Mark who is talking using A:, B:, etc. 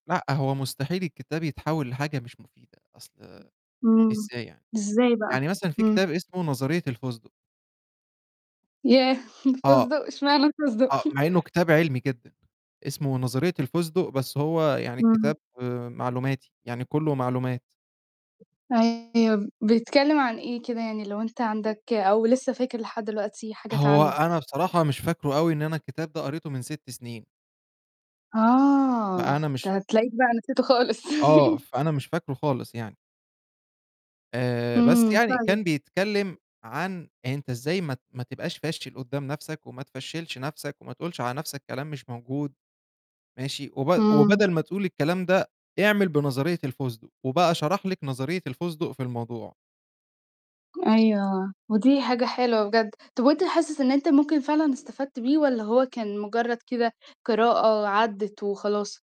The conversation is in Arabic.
A: لأ، هو مستحيل الكتاب يتحول لحاجة مش مفيدة، أصل
B: امم،
A: إزاي يعني؟
B: إزاي بقى؟
A: يعني مثلًا في
B: امم.
A: كتاب اسمه نظرية الفسدق.
B: ياه!
A: آه،
B: الفسدق، إشمعنى الفسدق؟
A: آه، مع إنه كتاب علمي جدًا، اسمه نظرية الفسدق، بس هو يعني
B: إمم.
A: كتاب معلوماتي، يعني كلّه معلومات.
B: أيوه، ب بيتكلم عن إيه كده يعني، لو أنت عندك أو لسه فاكر لحد دلوقتي حاجات
A: هو
B: عنه؟
A: أنا بصراحة مش فاكره أوي، إن أنا الكتاب ده قريته من 6 سنين.
B: آه،
A: فأنا مش
B: ده هتلاقيك بقى نسيته خالص
A: آه، فأنا مش فاكره خالص يعني. آآ بس
B: امم،
A: يعني
B: فعلًا.
A: كان بيتكلم عن أنت إزاي ما ت ما تبقاش فاشل قدّام نفْسك، وما تفشّلش نفْسك وما تقولش على نفْسك كلام مش موجود، ماشي، وب
B: امم.
A: وبدل ما تقول الكلام ده، اعمل بنظرية الفسدق وبقى شرح لِك نظرية الفسدق في الموضوع.
B: أيوه، ودي حاجة حلوة بجد، طَب وأنت حاسس إن أنت ممكن فعلًا استفدت بيه والّا هو كان مجرد كده قراءة وعدّت وخلاص؟